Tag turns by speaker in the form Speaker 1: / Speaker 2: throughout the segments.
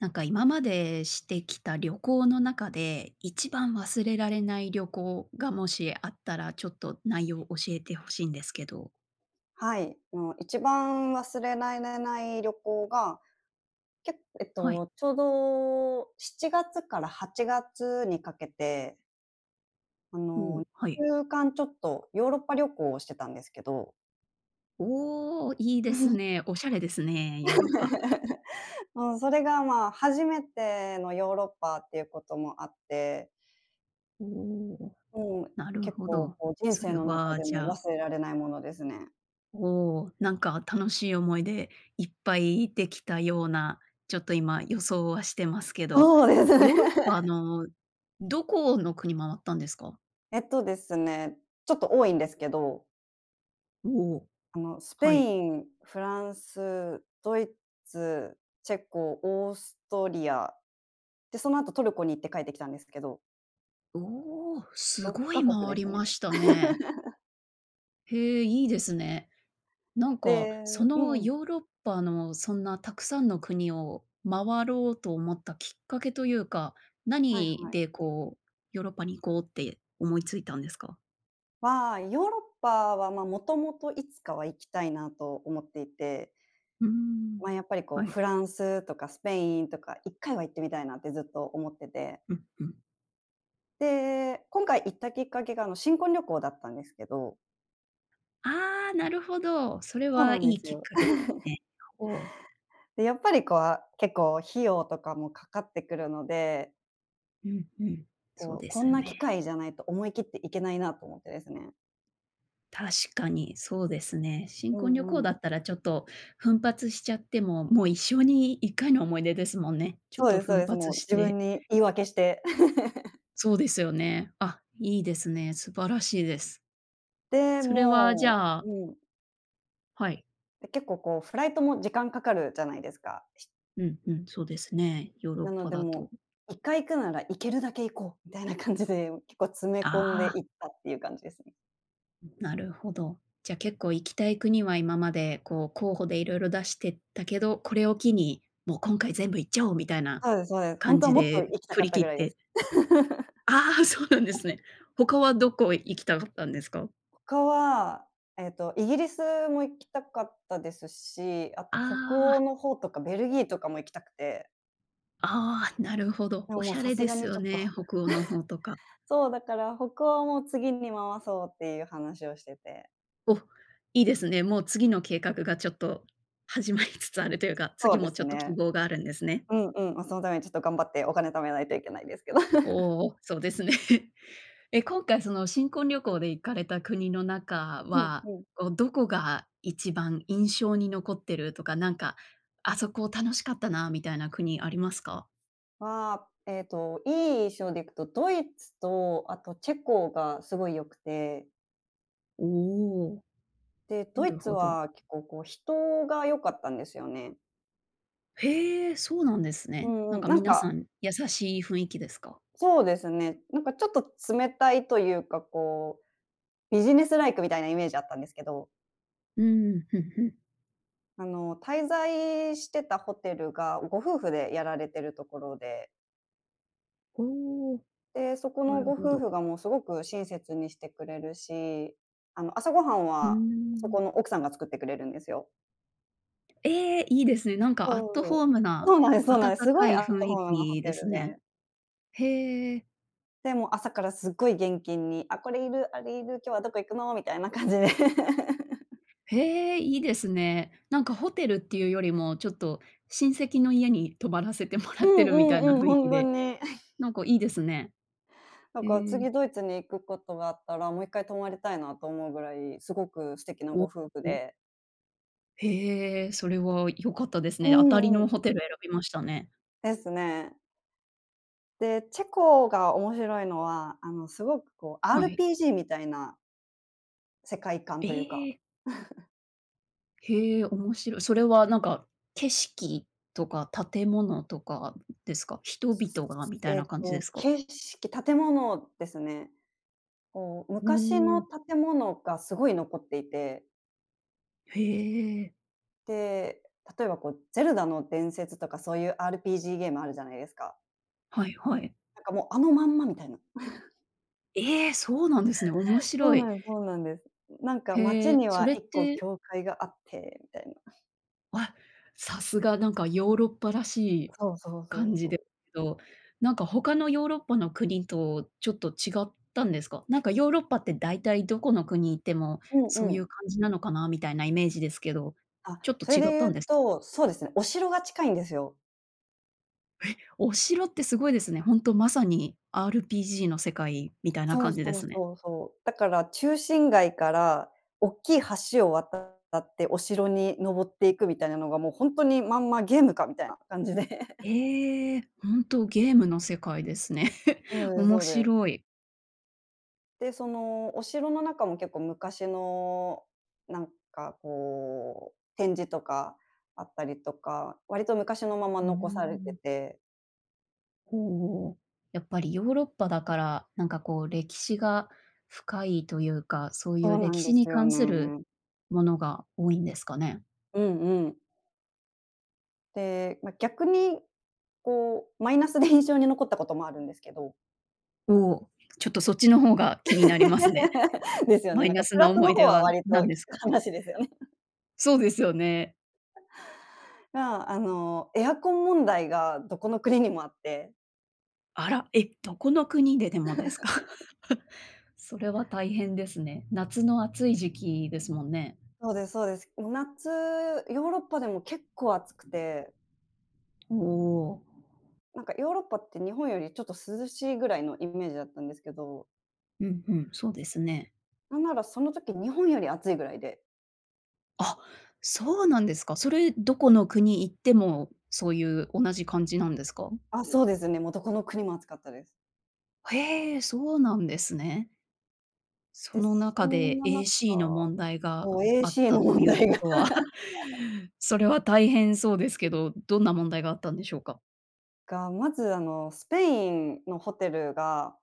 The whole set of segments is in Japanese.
Speaker 1: なんか、今までしてきた旅行の中で、一番忘れられない旅行がもしあったら、ちょっと内容を教えて欲しいんですけど。
Speaker 2: はい、あの、一番忘れないれない旅行が、けえっ
Speaker 1: はい。
Speaker 2: と、ちょうど7月から8月にかけてあ
Speaker 1: お
Speaker 2: の、に
Speaker 1: お、はい。
Speaker 2: しゅうかんちょっとヨーロッパ旅行をしてたんですけど。
Speaker 1: おお、いいです ね、おしゃれですね、ヨーロッパ。
Speaker 2: うん、それが、まあ、初めてのヨーロッパっていうこともあって。
Speaker 1: おお。
Speaker 2: うん、
Speaker 1: なる
Speaker 2: 結
Speaker 1: ほ
Speaker 2: 構、
Speaker 1: ど。
Speaker 2: こう、人
Speaker 1: そ
Speaker 2: 生
Speaker 1: れ
Speaker 2: の中
Speaker 1: は、
Speaker 2: で
Speaker 1: じゃ
Speaker 2: も
Speaker 1: あ
Speaker 2: 忘れられないものですね。
Speaker 1: おお、なんか楽しい思い出いっぱいできたような、ちょっと今予想はしてますけど、
Speaker 2: そうですね。
Speaker 1: ヨーロッパ のどこの国回ったんですか？
Speaker 2: えっとですね、ちょっと多いんですけど。
Speaker 1: おお、
Speaker 2: あの、スペ
Speaker 1: はい。
Speaker 2: イン、フランス、ドイツ、チェコ、オーストリア、で、その後トルコに行って帰ってきたんですけど。
Speaker 1: おお、す
Speaker 2: ろっ
Speaker 1: ご
Speaker 2: か
Speaker 1: い
Speaker 2: こく
Speaker 1: 回
Speaker 2: で
Speaker 1: り
Speaker 2: すね。
Speaker 1: ましたね。へえ、いいですね。なんか、そ
Speaker 2: でう
Speaker 1: の
Speaker 2: ん。
Speaker 1: ヨーロッパのそんなたくさんの国を回ろうと思ったきっかけというか、
Speaker 2: はいは
Speaker 1: 何
Speaker 2: い。
Speaker 1: で、こう、ヨーロッパに行こうって思いついたんですか？
Speaker 2: は、ヨーロッパは、ま、もともといつかは行きたいなと思っていて。
Speaker 1: うーん、
Speaker 2: ま、やっぱり、こ、う
Speaker 1: はい。
Speaker 2: フランスとかスペインとか、1回は行ってみたいなってずっと思ってて。
Speaker 1: うんうん。
Speaker 2: で、今回行ったきっかけが、あの、新婚旅行だったんですけど。
Speaker 1: ああ、なるほど。それ
Speaker 2: そうな
Speaker 1: は
Speaker 2: んで
Speaker 1: いい
Speaker 2: す
Speaker 1: きっ
Speaker 2: よ。
Speaker 1: かけ ね。
Speaker 2: で、やっぱり、こう、結構費用とかもかかってくるので。
Speaker 1: うんうん。そう
Speaker 2: こう、
Speaker 1: で
Speaker 2: こ
Speaker 1: す
Speaker 2: ん
Speaker 1: よ
Speaker 2: な機
Speaker 1: ね。
Speaker 2: 会じゃないと思い切っていけないなと思ってですね。
Speaker 1: 確かに、そうですね。新
Speaker 2: う
Speaker 1: 婚旅
Speaker 2: ん
Speaker 1: 行
Speaker 2: うん。
Speaker 1: だったらちょっと奮発しちゃっても、もう一生に一回の思い出ですもんね。ちょっ
Speaker 2: そう
Speaker 1: と
Speaker 2: です、そう
Speaker 1: 奮
Speaker 2: です。も
Speaker 1: 発
Speaker 2: う
Speaker 1: し
Speaker 2: 自
Speaker 1: て。
Speaker 2: 分に言い訳して。
Speaker 1: そうですよね。あ、いいですね、素晴らしいです。
Speaker 2: で、
Speaker 1: それは、じ
Speaker 2: も
Speaker 1: ゃあ
Speaker 2: ううん。
Speaker 1: はい。
Speaker 2: で、結構こうフライトも時間かかるじゃないですか。し
Speaker 1: うんうん、そうですね、ヨーロッ
Speaker 2: なの
Speaker 1: パ
Speaker 2: で
Speaker 1: だ
Speaker 2: も
Speaker 1: と。
Speaker 2: う1回行くなら行けるだけ行こう、みたいな感じで、う結構詰め込んで
Speaker 1: ああ。
Speaker 2: 行ったっていう感じですね。
Speaker 1: うん、なるほど。じゃ、結構行きたい国は今まで、こう、候補で色々出してたけど、これを機にもう今回全部行っちゃおうみたいな
Speaker 2: はう、そうで、ほん
Speaker 1: 感
Speaker 2: とは
Speaker 1: じ
Speaker 2: もっと
Speaker 1: で、
Speaker 2: 行きた
Speaker 1: 振
Speaker 2: かっ
Speaker 1: り
Speaker 2: たぐ
Speaker 1: 切
Speaker 2: ら
Speaker 1: っ
Speaker 2: いです。
Speaker 1: て。ああ、そうなんですね。他はどこへ行きたかったんですか？
Speaker 2: 他は、ええとイギリスも行きたかったですし、あと
Speaker 1: あ
Speaker 2: 北欧
Speaker 1: あ。
Speaker 2: の方とかベルギーとかも行きたくて。
Speaker 1: ああ、なるほど。
Speaker 2: でも、
Speaker 1: お
Speaker 2: もう
Speaker 1: しゃ
Speaker 2: さ
Speaker 1: れ
Speaker 2: す
Speaker 1: で
Speaker 2: が
Speaker 1: す
Speaker 2: に
Speaker 1: よ
Speaker 2: ちょっと。
Speaker 1: ね、北欧の方とか。
Speaker 2: そうだから北欧も次に回そうっていう話をしてて。
Speaker 1: お、いいですね。もう次の計画がちょっと始まりつつあるというか、
Speaker 2: そ
Speaker 1: 次
Speaker 2: うで
Speaker 1: もち
Speaker 2: す
Speaker 1: ょっと希
Speaker 2: ね。
Speaker 1: 望があるんですね。
Speaker 2: うんうん、あ、そのためにちょっと頑張ってお金貯めないといけないんですけど。
Speaker 1: おお、そうですね。え、今回その、新婚旅行で行かれた国の中
Speaker 2: うん
Speaker 1: は、
Speaker 2: うん。
Speaker 1: こう、どこが一番印象に残ってるとか、なんか、あそこ楽しかったなみたいな国ありますか？
Speaker 2: ああ、えと、いい印象でいくと、ドイツと、あとチェコがすごいよくて。
Speaker 1: おお。
Speaker 2: で、
Speaker 1: な
Speaker 2: ドイ
Speaker 1: る
Speaker 2: ツ
Speaker 1: ほど。
Speaker 2: は結構こう人が良かったんですよね。
Speaker 1: へえ、そうなんです
Speaker 2: う
Speaker 1: ね。
Speaker 2: ん
Speaker 1: なん
Speaker 2: うん、
Speaker 1: か
Speaker 2: なん
Speaker 1: 皆さ
Speaker 2: か。
Speaker 1: ん優しい雰囲気ですか？
Speaker 2: そうですね、なんかちょっと冷たいというか、こう、ビジネスライクみたいなイメージあったんですけど。
Speaker 1: うん。ふんふん。
Speaker 2: あの、滞在してたホテルがご夫婦でやられてるところで。
Speaker 1: うーん。
Speaker 2: で、そこ
Speaker 1: な
Speaker 2: の
Speaker 1: る
Speaker 2: ご
Speaker 1: ほ
Speaker 2: 夫
Speaker 1: ど。
Speaker 2: 婦がもうすごく親切にしてくれるし、あの朝ごはん
Speaker 1: うー
Speaker 2: はそこ
Speaker 1: ん。
Speaker 2: の奥さんが作ってくれるんですよ。
Speaker 1: ええ、いいですね。なんかア
Speaker 2: そ
Speaker 1: ッ
Speaker 2: うそう
Speaker 1: トホ
Speaker 2: そう。
Speaker 1: ームな
Speaker 2: そうなんですそうなん
Speaker 1: 温
Speaker 2: です。すご
Speaker 1: か
Speaker 2: いア
Speaker 1: い
Speaker 2: ッ
Speaker 1: 雰
Speaker 2: ト
Speaker 1: 囲
Speaker 2: ホームなホ
Speaker 1: 気
Speaker 2: テ
Speaker 1: で
Speaker 2: ル
Speaker 1: すね。
Speaker 2: で。
Speaker 1: へえ。
Speaker 2: で、も、朝からすごい元気に、「あ、これいる？あれいる？」「今日はどこ行くの？」みたいな感じで。
Speaker 1: へえ、いいですね。なんかホテルっていうよりも、ちょっと親戚の家に泊まらせてもら
Speaker 2: う
Speaker 1: って
Speaker 2: ん
Speaker 1: る
Speaker 2: う
Speaker 1: みた
Speaker 2: ん
Speaker 1: いな
Speaker 2: うん、
Speaker 1: 雰囲気
Speaker 2: 本当
Speaker 1: で、
Speaker 2: に。
Speaker 1: なんかいいですね。
Speaker 2: なんか
Speaker 1: え。
Speaker 2: 次ドイツに行くことがあったら、もう1回泊まりたいなと思うぐらい、すごく素敵なご
Speaker 1: お
Speaker 2: 夫婦 で。
Speaker 1: へえ、それは良かったです
Speaker 2: う
Speaker 1: ね。当たり
Speaker 2: ん
Speaker 1: の
Speaker 2: うん。
Speaker 1: ホテルを選びましたね。
Speaker 2: ですね。で、チェコが面白いのは、あの、すごく、こう、
Speaker 1: はい。
Speaker 2: RPG みたいな世界観というか。
Speaker 1: ええ。へえ、面白い。それは、なんか、景色とか建物とかですか？人々がみたい
Speaker 2: え
Speaker 1: な
Speaker 2: っ
Speaker 1: 感じで
Speaker 2: と、
Speaker 1: すか？
Speaker 2: 景色建物ですね。こう、
Speaker 1: う
Speaker 2: 昔
Speaker 1: ー
Speaker 2: の
Speaker 1: ん。
Speaker 2: 建物がすごい残っていて。
Speaker 1: へえ。
Speaker 2: で、例えば、こう、ゼルダの伝説とか、そういう RPG ゲームあるじゃないですか。
Speaker 1: はいはい。
Speaker 2: なんか、もう、あのまんまみたいな。
Speaker 1: ええ、そうなんですね。面
Speaker 2: そ
Speaker 1: 白
Speaker 2: う
Speaker 1: い。
Speaker 2: なんそうなんです。なんか、
Speaker 1: へ
Speaker 2: 街
Speaker 1: え、
Speaker 2: に
Speaker 1: そ
Speaker 2: は
Speaker 1: れっ
Speaker 2: 1個
Speaker 1: て
Speaker 2: 教会があってみたいな。
Speaker 1: あ、さすが、なんか、ヨーロッパらしい
Speaker 2: そうそうそ
Speaker 1: 感
Speaker 2: う
Speaker 1: じ
Speaker 2: そ
Speaker 1: で
Speaker 2: う。
Speaker 1: すけど、なんか、他のヨーロッパの国とちょっと違ったんですか？なんか、ヨーロッパってだいたいどこの国行っても
Speaker 2: うん
Speaker 1: そ
Speaker 2: う
Speaker 1: ういう
Speaker 2: ん。
Speaker 1: 感じなのかなみたいなイメージですけど、
Speaker 2: あ、
Speaker 1: ちょっと
Speaker 2: それ
Speaker 1: 違
Speaker 2: で
Speaker 1: った
Speaker 2: 言
Speaker 1: ん
Speaker 2: う
Speaker 1: ですはい。
Speaker 2: と、そうですね、お城が近いんですよ。
Speaker 1: え、お城ってすごいですね。ほんとまさに RPG の世界みたいな
Speaker 2: そう
Speaker 1: 感じ
Speaker 2: そ
Speaker 1: で
Speaker 2: う
Speaker 1: すね。
Speaker 2: そうそう、だから中心街からおっきい橋を渡ってお城に登っていくみたいなのが、もうほんとにまんまゲームかみたいな感じで。
Speaker 1: ええ、ほんとゲームの世界ですね。
Speaker 2: お うえ、
Speaker 1: 面
Speaker 2: そうで。
Speaker 1: 白い。
Speaker 2: で、その、お城の中も結構昔のなんかこう、展示とかあったりとか、割と昔のまま
Speaker 1: うー
Speaker 2: 残されて
Speaker 1: ん。
Speaker 2: て。
Speaker 1: ほう、やっぱりヨーロッパだから、なんかこう、歴史が深いというか、そうい
Speaker 2: そう
Speaker 1: う
Speaker 2: な
Speaker 1: 歴
Speaker 2: んで
Speaker 1: 史
Speaker 2: す
Speaker 1: に
Speaker 2: よ
Speaker 1: 関する
Speaker 2: ね。
Speaker 1: ものが多いんですかね？
Speaker 2: うんうん。で、ま、逆にこう、マイナスで印象に残ったこともあるんですけど。
Speaker 1: おお、ちょっとそっちの方が気になりますね。
Speaker 2: ですよね。
Speaker 1: マイ
Speaker 2: なん
Speaker 1: ナ
Speaker 2: かプ
Speaker 1: スな
Speaker 2: ラス
Speaker 1: 思
Speaker 2: の
Speaker 1: い
Speaker 2: 方
Speaker 1: 出
Speaker 2: は
Speaker 1: は
Speaker 2: 割と
Speaker 1: 何
Speaker 2: 聞く
Speaker 1: ですか？
Speaker 2: 話ですよね。
Speaker 1: そうですよね。
Speaker 2: あ、が、あの、エアコン問題がどこの国にもあって。
Speaker 1: あら、え、どこの国ででもですか？それは大変ですね。夏の暑い時期ですもんね。
Speaker 2: そうです、そうです。い夏、ヨーロッパでも結構暑くて
Speaker 1: おお。
Speaker 2: なんかヨーロッパって、日本よりちょっと涼しいぐらいのイメージだったんですけど
Speaker 1: うん、ふん。そうですね。
Speaker 2: なんならその時、日本より暑いぐらいで。
Speaker 1: あ、そうなんですか。それ、どこの国行っても、そういう同じ感じなんですか？
Speaker 2: あ、そうですね。もうどこの国も暑かったで
Speaker 1: へえ、そうなんですね。そ
Speaker 2: で、
Speaker 1: の
Speaker 2: そ
Speaker 1: 中
Speaker 2: ん
Speaker 1: で
Speaker 2: な中、
Speaker 1: AC の問題が、
Speaker 2: そ
Speaker 1: あ
Speaker 2: う、
Speaker 1: あっ
Speaker 2: AC
Speaker 1: た
Speaker 2: の
Speaker 1: と
Speaker 2: 問
Speaker 1: いう
Speaker 2: 題
Speaker 1: こ
Speaker 2: が。
Speaker 1: とは、それは大変そうですけど、ど んな問題があったんでしょうか？
Speaker 2: が、まずあの、スペインのホテルが、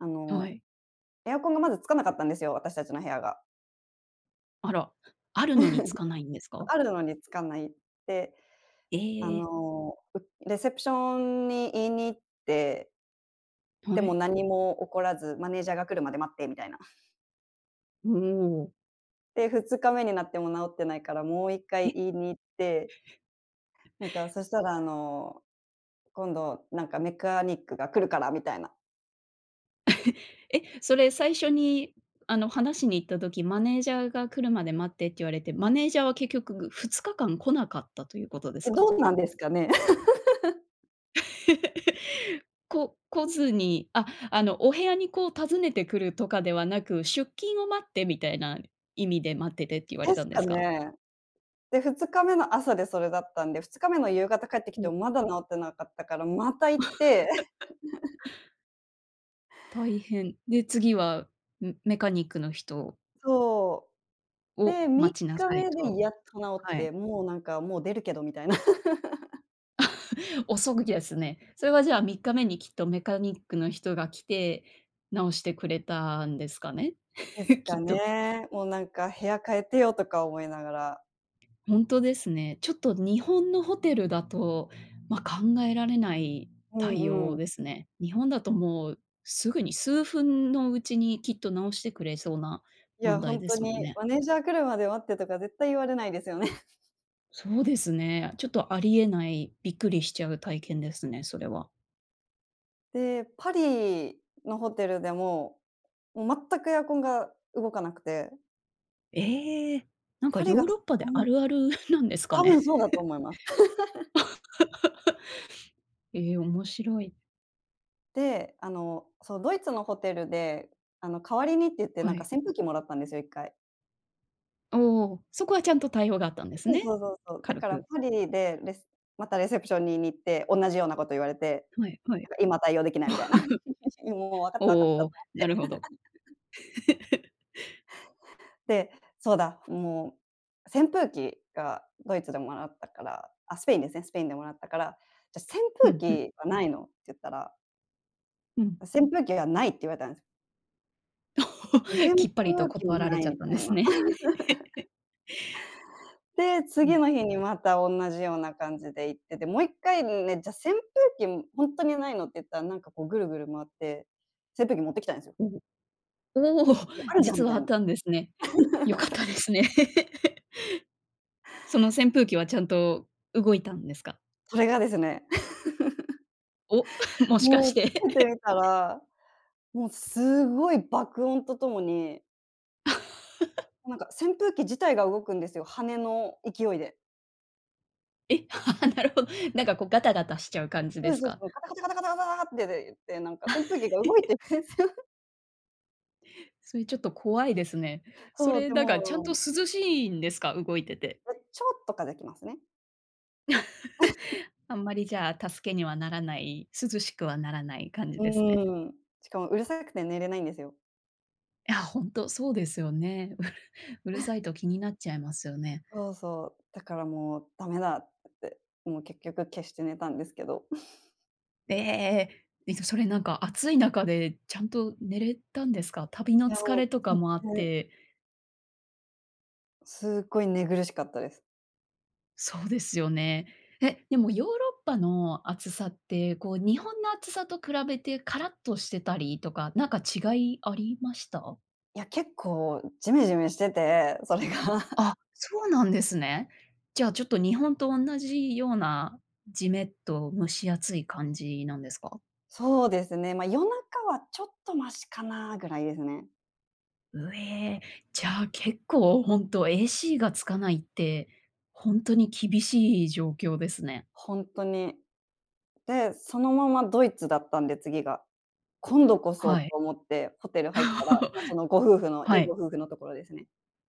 Speaker 2: あ
Speaker 1: は
Speaker 2: の、
Speaker 1: い。
Speaker 2: エアコンがまず点かなかったんですよ、私たちの部屋が。
Speaker 1: あら。あるのに点かないんで すか？
Speaker 2: あるのがに点かないって、
Speaker 1: え
Speaker 2: あ
Speaker 1: え。
Speaker 2: の、うレセプションに言いに行って
Speaker 1: は
Speaker 2: でも
Speaker 1: い。
Speaker 2: 何も起こらず、マネージャーが来るまで待ってみたいな。
Speaker 1: うお。
Speaker 2: で、2日目になっても治ってないからもういっか
Speaker 1: え。
Speaker 2: い言いに行ってなんか そしたらあの、今度なんかメカニックが来るからみたいな。
Speaker 1: え、それ最初に、あの話しに行った時、マネージャーが来るまで待ってって言われて、マネージャーは結局2日間来なかったということで
Speaker 2: え、
Speaker 1: すか？
Speaker 2: どうなんですかね。
Speaker 1: こ来ずに、あ、あの、お部屋にこう訪ねてくるとかではなく、出勤を待ってみたいな意味で待っててって言われ
Speaker 2: です
Speaker 1: たんで
Speaker 2: か
Speaker 1: すか？
Speaker 2: ね。で、2日目の朝でそれだったんで、2日目の夕方帰ってき
Speaker 1: う
Speaker 2: て
Speaker 1: ん。
Speaker 2: もまだ治ってなかったから、また行って。
Speaker 1: 大変。で、次はメメカニックの人
Speaker 2: そう、
Speaker 1: を
Speaker 2: で、みっ
Speaker 1: 待ちな
Speaker 2: か
Speaker 1: さい
Speaker 2: めで
Speaker 1: と。
Speaker 2: やっと治っ
Speaker 1: はい。
Speaker 2: てもうなんか、もう出るけどみたいな。
Speaker 1: 遅いですね。それはじゃあ3日目にきっとメカニックの人が来て、直してくれたんですかね、
Speaker 2: です
Speaker 1: き
Speaker 2: か
Speaker 1: っと。
Speaker 2: ね、もうなんか部屋変えてよとか思いながら。
Speaker 1: 本当ですね。ちょっと日本のホテルだと、ま、考えられない
Speaker 2: う
Speaker 1: 対
Speaker 2: んう
Speaker 1: 応
Speaker 2: ん。
Speaker 1: ですね。日本だともうすぐに数分のうちにきっと直してくれそうな
Speaker 2: いや
Speaker 1: 問題
Speaker 2: 本
Speaker 1: で
Speaker 2: 当
Speaker 1: すもん
Speaker 2: に
Speaker 1: ね。
Speaker 2: マネージャー来るまで待ってとか絶対言われないですよね。
Speaker 1: そうですね、ちょっとありえない、びっくりしちゃう体験ですね、それは。
Speaker 2: で、パリのホテルでも、もう全くエアコンが動かなくて。
Speaker 1: ええ、なんか
Speaker 2: パリ
Speaker 1: ヨ
Speaker 2: が
Speaker 1: ーロッパであ
Speaker 2: [unintelligible]
Speaker 1: るあるなんですか
Speaker 2: 多
Speaker 1: ね。
Speaker 2: 分そうだと思います。
Speaker 1: ええ、面白い。
Speaker 2: で、あのそうドイツのホテルであの代わりにって言ってな
Speaker 1: は
Speaker 2: んか
Speaker 1: い。
Speaker 2: 扇風機もらったんですよ1回。
Speaker 1: おお、そこはちゃんと対応があったんです
Speaker 2: そうそ
Speaker 1: ね、
Speaker 2: うそうそう、だ
Speaker 1: 軽
Speaker 2: から
Speaker 1: く。
Speaker 2: パリでレスまたレセプションに言いに行って、同じようなこと言われて、
Speaker 1: はいは
Speaker 2: なん
Speaker 1: い。
Speaker 2: か今対応できないみたいな、もうわかったわかった
Speaker 1: お
Speaker 2: と
Speaker 1: お、
Speaker 2: 思っ
Speaker 1: なるほ
Speaker 2: て。
Speaker 1: ど。
Speaker 2: で、そうだもう扇風機がドイツでもらったから、あ、スペインですね、スペインでもらったから、「じゃ扇
Speaker 1: ふ
Speaker 2: 風
Speaker 1: んふん。
Speaker 2: 機はないの？」って言ったら。
Speaker 1: うん。
Speaker 2: あ、扇風機はないって言われたんす。い 扇
Speaker 1: きっぱりと
Speaker 2: 風機も
Speaker 1: 断ら
Speaker 2: な
Speaker 1: れ
Speaker 2: い
Speaker 1: ちゃっ
Speaker 2: み
Speaker 1: たん
Speaker 2: た
Speaker 1: で
Speaker 2: い
Speaker 1: す
Speaker 2: な。
Speaker 1: ね。
Speaker 2: で、
Speaker 1: う
Speaker 2: 次
Speaker 1: ん。
Speaker 2: の日にまた、おんなじような感じで行ってて、もう一回んね、じゃ、扇風機むほんとにないの？って言ったらなんかこうぐるぐる回って、扇風機持ってきたんすよ。
Speaker 1: うふ。おお、
Speaker 2: いや、あるじゃん
Speaker 1: 実
Speaker 2: み
Speaker 1: は
Speaker 2: た
Speaker 1: あ
Speaker 2: い
Speaker 1: っ
Speaker 2: な。
Speaker 1: たんですね。良かったですね。その扇風機はちゃんと動いたんですか？
Speaker 2: それがですね
Speaker 1: お、もしか
Speaker 2: も
Speaker 1: し
Speaker 2: うつけて
Speaker 1: て。
Speaker 2: みたら、もうすごい爆音とともに もうなんか扇風機自体が動くんですよ、羽の勢いで。
Speaker 1: え、ああ、なるほなんかこうガタガタしちゃう感じ
Speaker 2: そ
Speaker 1: で
Speaker 2: え、
Speaker 1: す
Speaker 2: そう
Speaker 1: か？
Speaker 2: そう、カタカタカタカタカタってね言ってなんか扇風機が動いて るんすよ。
Speaker 1: それちょっと怖いですね。そ
Speaker 2: ほう、
Speaker 1: れ、
Speaker 2: で
Speaker 1: だがちゃんと涼
Speaker 2: も
Speaker 1: しいんですか？動いてて。
Speaker 2: やい、ちょっと風きますね。
Speaker 1: あんまりじゃあ助けにはならない、涼しくはならない感じ
Speaker 2: う
Speaker 1: ですね。
Speaker 2: ん、しかもうるさくて寝れないんですよ。
Speaker 1: いや、本当、そうですよね。うるうるさ いと気になっちゃいますよね。
Speaker 2: そうそう、だからもうダメだって、もう結局消して寝たんですけど。
Speaker 1: ええ、えっと、それなんか暑い中でちゃんと寝れたんですか？旅
Speaker 2: い
Speaker 1: の
Speaker 2: や
Speaker 1: 疲
Speaker 2: も
Speaker 1: れ
Speaker 2: う
Speaker 1: とかもあっ
Speaker 2: 全然
Speaker 1: て。
Speaker 2: すっごい寝苦しかったです。
Speaker 1: そうですよね。え、でもヨーロッパの暑さって、こう日本の暑さと比べてカラッとしてたりとか、なんか違いありました？
Speaker 2: いや結構ジメジメしてて、それが。
Speaker 1: あ、そうなんですね。じゃあちょっと日本と同じようなジメッと蒸し暑い感じなんですか？
Speaker 2: そうですね。ま、夜中はちょっとマシかなぐらいですね。
Speaker 1: うえ、じゃあ結構本当 AC がつかないって、本当に厳しい状況ですね。
Speaker 2: 本当に、で、そのままドイツだったんで次が、今度こそ
Speaker 1: は
Speaker 2: と
Speaker 1: い。
Speaker 2: 思ってホテル入ったら、ま、そのご夫 婦のい
Speaker 1: は
Speaker 2: いご
Speaker 1: い。
Speaker 2: 夫婦のところですね。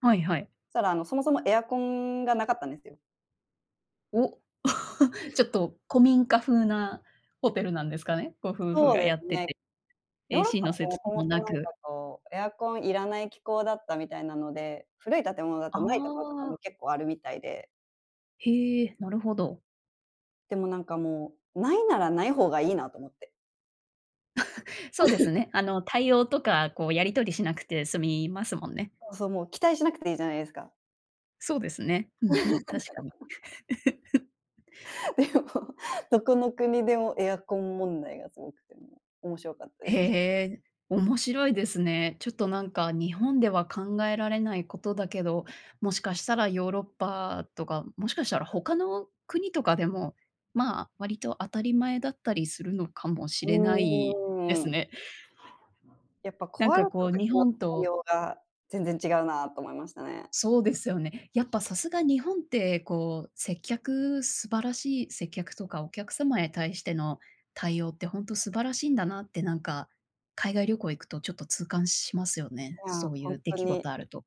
Speaker 1: はいはい。
Speaker 2: そしたらあのそもそもエアコンがなかったんですよ。
Speaker 1: お、ちょっと古民家風なホテルなんですかね、ご夫婦
Speaker 2: そう
Speaker 1: が
Speaker 2: で
Speaker 1: や
Speaker 2: す
Speaker 1: って
Speaker 2: ね。
Speaker 1: て、え
Speaker 2: ヨ
Speaker 1: え、
Speaker 2: ーロッ
Speaker 1: AC
Speaker 2: パ
Speaker 1: の
Speaker 2: っても
Speaker 1: 設
Speaker 2: と
Speaker 1: 備
Speaker 2: も
Speaker 1: も
Speaker 2: と
Speaker 1: な
Speaker 2: なん
Speaker 1: く。
Speaker 2: かこう、エアコンいらない気候だったみたいなので、古い建物だ
Speaker 1: あ
Speaker 2: とないところとかも
Speaker 1: あ。
Speaker 2: 結構あるみたいで。
Speaker 1: へえ、なるほど。
Speaker 2: でもなんかもう、ないならない方がいいなと思って。
Speaker 1: そうです ね。あの対応とかこうやり取りしなくて済みますもんね。
Speaker 2: そうそうもう期待しなくていいじゃないですか。
Speaker 1: そうですね。うんうん。確かに。
Speaker 2: でも、どこの国でもエアコン問題がすごくて、面白かったですね。
Speaker 1: へえ、面白いですね。ちょっとなんか日本では考えられないことだけど、もしかしたらヨーロッパとか、もしかしたら他の国とかでも、まあ、割と当たり前だったりするのかもし
Speaker 2: う
Speaker 1: れないで
Speaker 2: ー
Speaker 1: す
Speaker 2: ん。
Speaker 1: ね。
Speaker 2: やっぱ
Speaker 1: なん
Speaker 2: 壊れ
Speaker 1: か
Speaker 2: た
Speaker 1: こう日
Speaker 2: 時の
Speaker 1: 本
Speaker 2: 対
Speaker 1: と
Speaker 2: 応が全然違うなと思いましたね。
Speaker 1: そうですよね。やっぱさすが日本ってこう接客、素晴らしい接客とか、お客様へ対しての対応って本当素晴らしいんだなってなんか、海外旅行行くとちょっと痛感しますよね。
Speaker 2: いや、
Speaker 1: そうい
Speaker 2: 本
Speaker 1: う出
Speaker 2: 当
Speaker 1: 来
Speaker 2: に。
Speaker 1: 事あると。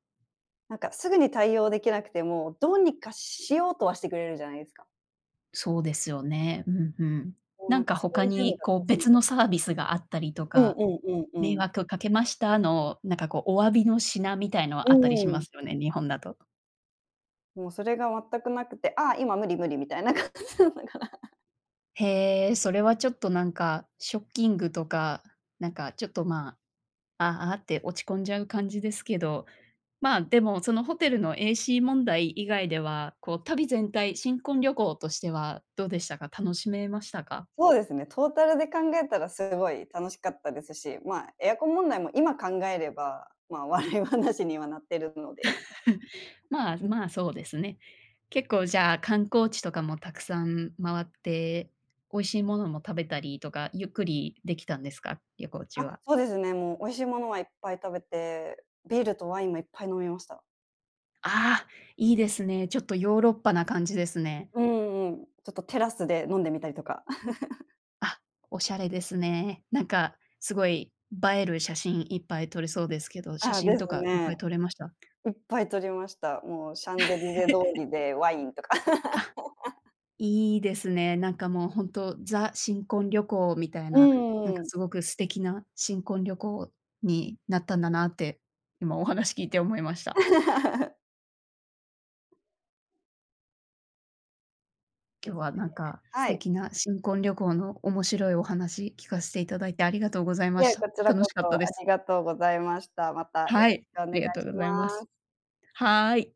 Speaker 2: なんか、すぐに対応できなくても、どうにかしようとはしてくれるじゃないですか？
Speaker 1: そうですよね。うんうん。
Speaker 2: もう、
Speaker 1: な
Speaker 2: なん
Speaker 1: ん
Speaker 2: か、
Speaker 1: か、
Speaker 2: そ
Speaker 1: 他
Speaker 2: ういうの
Speaker 1: に、
Speaker 2: が
Speaker 1: こう、
Speaker 2: 全然
Speaker 1: 別のサービスがあったりと
Speaker 2: [unintelligible] う
Speaker 1: か、
Speaker 2: んうんうん
Speaker 1: 迷
Speaker 2: うん。
Speaker 1: 惑かけましたの、なんか、こう、お詫びの品みたいの
Speaker 2: う
Speaker 1: はあったりし
Speaker 2: ー
Speaker 1: ま
Speaker 2: ん。
Speaker 1: すよね、日本だと。
Speaker 2: もう、それが全くなくて、ああ、今、無理無理、みたいな感じだったから。
Speaker 1: へえ、それはちょっと、なんか、ショッキングとか、なんか、ちょっと、まあ、ああって落ち込んじゃう感じですけど、まあ、でもそのホテルの AC 問題以外では、こう、旅全体、新婚旅行としてはどうでしたか、楽しめましたか？
Speaker 2: そうですね、トータルで考えたらすごい楽しかったですし、まあ、エアコン問題も今考えれば、まあ、笑い話にはなってるので。
Speaker 1: まあまあ、そうですね。結構、じゃあ、観光地とかもたくさん回って、美味しいものも食べたりとか、ゆっくりできたんですか？旅行中
Speaker 2: あ、
Speaker 1: は。
Speaker 2: そうですね。もう、美味しいものはいっぱい食べて、ビールとワインもいっぱい飲みました。
Speaker 1: あ、いいですね。ちょっとヨーロッパな感じですね。
Speaker 2: うん-うん、ちょっとテラスで飲んでみたりとか。
Speaker 1: あ、おしゃれですね。なんか、すごい映える写真いっぱい撮れそうですけど、写
Speaker 2: ああ、で
Speaker 1: 真と
Speaker 2: す
Speaker 1: かいっぱ
Speaker 2: ね。
Speaker 1: い撮れました？
Speaker 2: いっぱい撮りました。もう、シャンゼリゼ通りでワインとか。
Speaker 1: あ。いいですね。なんか、もう、本当、ザ、新婚旅行みたい
Speaker 2: う
Speaker 1: な、なん
Speaker 2: んう
Speaker 1: か、
Speaker 2: ん。
Speaker 1: すごく素敵な新婚旅行になったんだなって、今お話聞いて思いました。
Speaker 2: で
Speaker 1: 今日
Speaker 2: す
Speaker 1: は、
Speaker 2: ね、
Speaker 1: なんか、素
Speaker 2: はい。
Speaker 1: 敵な新婚旅行の面白いお話聞かせていただいてありがとうございま
Speaker 2: い
Speaker 1: し
Speaker 2: え、
Speaker 1: た。
Speaker 2: こちら
Speaker 1: 楽
Speaker 2: こ
Speaker 1: しかったで
Speaker 2: そあ
Speaker 1: す。
Speaker 2: りがとうございました。またよ
Speaker 1: は
Speaker 2: ろし
Speaker 1: い、あ
Speaker 2: くお願
Speaker 1: り
Speaker 2: い
Speaker 1: がとうご
Speaker 2: し
Speaker 1: ざいま
Speaker 2: ます。
Speaker 1: す。はあい。